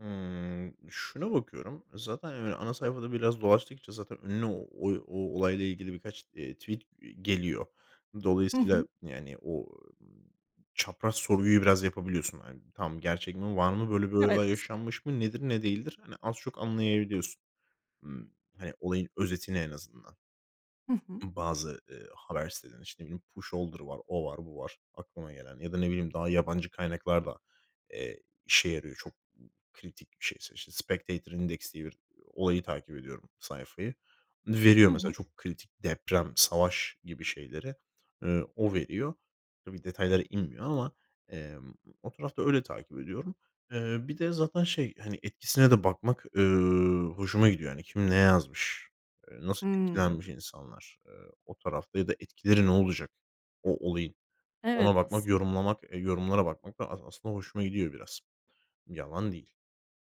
Hımm. Şuna bakıyorum. E, zaten hani, ana sayfada biraz dolaştıkça, zaten önüne o o olayla ilgili birkaç, eee, tweet, eee, geliyor. Hı Dolayısıyla, hı. yani, o, ııı, çapraz sorguyu biraz yapabiliyorsun. Hani, tamam, gerçek mi? Var mı? Böyle böyle Evet. yaşanmış mı? Nedir? Ne değildir? Hani az çok anlayabiliyorsun. Imm, hani olayın özetini en azından. Hı hı. I bazı, eee, haber sitelerini, işte ne bileyim; Pusholder var, o var, bu var, aklıma gelen. Ya da ne bileyim, daha yabancı kaynaklar da, eee, işe yarıyor. Çok kritik bir şeyse, işte Spectator Index diye, bir olayı takip ediyorum, sayfayı. Hı Veriyor mesela, hı. çok kritik; deprem, savaş gibi şeyleri, eee, o veriyor. Tabii, detaylara inmiyor ama emm, o tarafta öyle takip ediyorum. Eee, bir de zaten şey hani, etkisine de bakmak, eee, hoşuma gidiyor. Yani, kim ne yazmış? Eee, nasıl etkilenmiş Hımm. insanlar, eee, o tarafta? Ya da etkileri ne olacak, o olayı? Ona Evet, bakmak, aslında. yorumlamak, eee, yorumlara bakmak da as aslında, hoşuma gidiyor biraz. Yalan değil.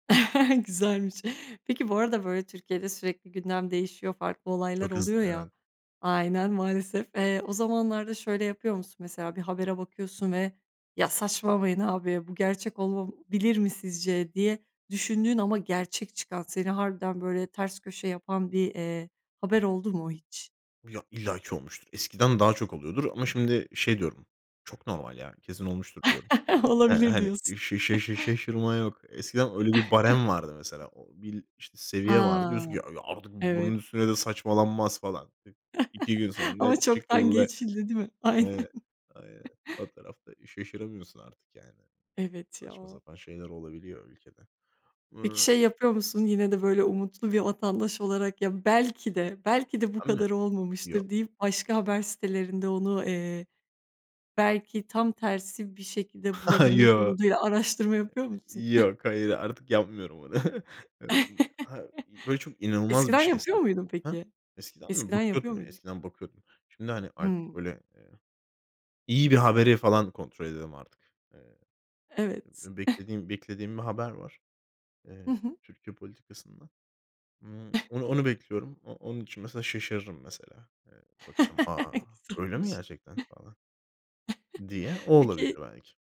Güzelmiş. Peki, bu arada, böyle Türkiye'de sürekli gündem değişiyor, farklı olaylar Çok oluyor hızlı, ya. evet. Aynen, maalesef. Eee, o zamanlarda şöyle yapıyor musun? Mesela bir habere bakıyorsun ve; "Ya, saçmalamayın abi. Bu gerçek olabilir mi, sizce?" diye düşündüğün ama, gerçek çıkan; seni harbiden böyle ters köşe yapan, bir, eee, haber oldu mu hiç? Ya, illaki olmuştur. Eskiden daha çok oluyordur. Ama şimdi şey diyorum; "Çok normal ya. Kesin olmuştur." diyorum. Eee, Olabilir hani diyorsun. şe şe şe şe şaşırma yok. Eskiden öyle bir barem vardı, mesela. O bil işte seviye vardı. Ha, Diyorsun ki, [unintelligible] artık bu evet. bunun üstüne de saçmalanmaz falan. 2 gün sonra ne Ama çoktan çıkıllı, geçildi, değil mi? Aynen. eee Aynen, o tarafta şaşıramıyorsun artık, yani. Evet Saçma ya. sapan şeyler olabiliyor ülkede. Eee Peki, şey yapıyor musun? Yine de böyle, umutlu bir vatandaş olarak ya belki de belki de bu Ben mi? kadar Yok. olmamıştır deyip, başka haber sitelerinde, onu, eee, belki tam tersi bir şekilde bulabilmek Yoo. umuduyla, araştırma yapıyor musun? Yok, hayır. Artık yapmıyorum, onu. Imm, ha, böyle çok inanılmaz bir Eskiden şeyse yapıyor muydun, Hıh? peki? Eskiden mi? Eskiden yapıyor Bakıyordum ya. muydun? Eskiden bakıyordum. Şimdi, hani, artık Hıı. böyle, eee, iyi bir haberi falan kontrol ediyorum, artık. Eee, Evet. beklediğim beklediğim bir haber var. Hı Eee, hı. Türkiye politikasından. Imm, onu onu bekliyorum. O onun için mesela şaşırırım, mesela. Eee, bakarım; "A! Öyle mi Güzelmiş. gerçekten." falan diye. O olabilir Peki belki.